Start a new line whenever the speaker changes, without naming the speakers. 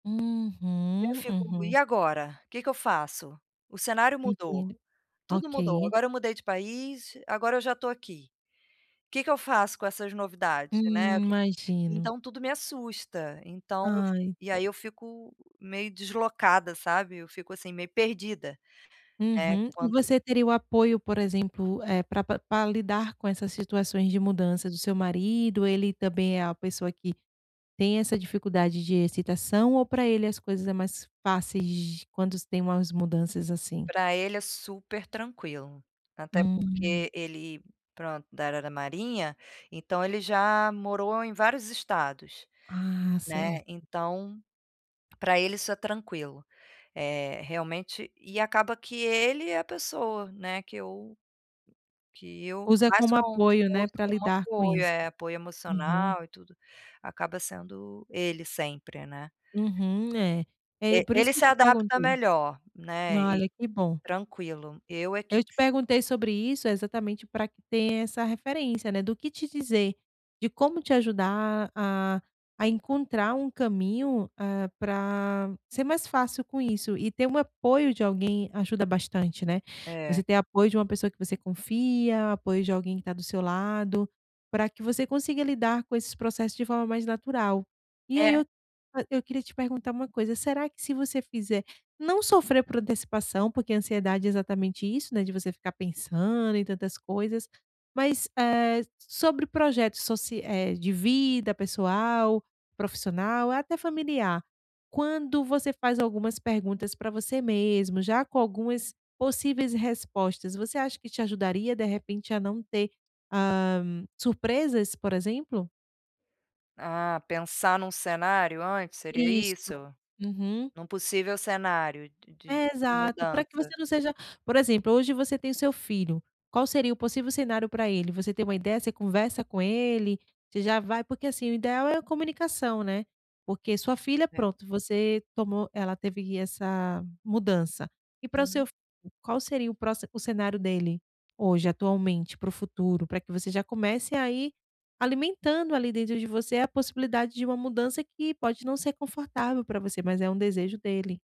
Eu
Uhum,
fico: "E
uhum.
agora? Que que eu faço?". O cenário mudou,
Entendo.
tudo mudou,
Ok.
agora eu mudei de país, agora eu já tô aqui. Que que eu faço com essas novidades, né?
Hum,
Aquilo
imagino.
Então tudo me assusta. Então
Ai,
e
se
aí eu fico meio deslocada, sabe? Eu fico assim meio perdida. É,
Uhum.
quando
Você teria o apoio, por exemplo, eh, pra pra pra lidar com essas situações de mudança do seu marido? Ele também é a pessoa que tem essa dificuldade de excitação, ou pra ele as coisas é mais fáceis, de quando se tem umas mudanças, assim?
Pra ele é super tranquilo. Até
Hum.
porque ele, pronto, da área da marinha, então ele já morou em vários estados,
Ah,
né.
certo.
Então, pra ele isso é tranquilo, eh, realmente e acaba que ele é a pessoa, né, que eu que eu
Usa
mais
como
conto,
apoio,
que eu
né,
uso
para
como
lidar com
apoio.
isso.
É, apoio
Uhum.
emocional e tudo, acaba sendo ele sempre, né?
Uhum, é. É
E
por isso
ele
que eu
se
te
adapta
perguntei.
melhor, né? Eh,
Olha que bom.
tranquilo. Eu é que
Eu te perguntei sobre isso, exatamente, pra que tenha essa referência, né, do que te dizer, de como te ajudar a a encontrar um caminho, eh, pra ser mais fácil com isso, e ter um apoio de alguém, ajuda bastante, né? Você
É.
ter apoio de uma pessoa que você confia, apoio de alguém que está do seu lado, pra que você consiga lidar com esses processos de forma mais natural. E aí,
É.
eu fa eu queria te perguntar uma coisa: será que se você fizer, não sofrer por antecipação, porque ansiedade é exatamente isso né, de você ficar pensando em tantas coisas, mas, eh, sobre projetos soci eh, de vida pessoal, profissional e até familiar, quando você faz algumas perguntas pra você mesmo, já com algumas possíveis respostas, você acha que te ajudaria, de repente, a não ter, ah, surpresas, por exemplo?
Hã, pensar num cenário antes, seria
Isso.
isso?
Uhum.
Num possível cenário de de
É
de
exato, pra que
mudança.
você não seja, por exemplo: hoje, você tem o seu filho. Qual seria o possível cenário pra ele? Você tem uma ideia? Você conversa com ele? Você já vai porque assim, o ideal é a comunicação, né? Porque sua filha,
Certo.
pronto, você tomou ela teve essa mudança, e pra o
Uhum.
seu filho? Qual seria o proxi o cenário dele hoje, atualmente, para o futuro? Para que você já comece aí alimentando ali, dentro de você, a possibilidade de uma mudança que, pode não ser confortável pra você, mas é um desejo dele.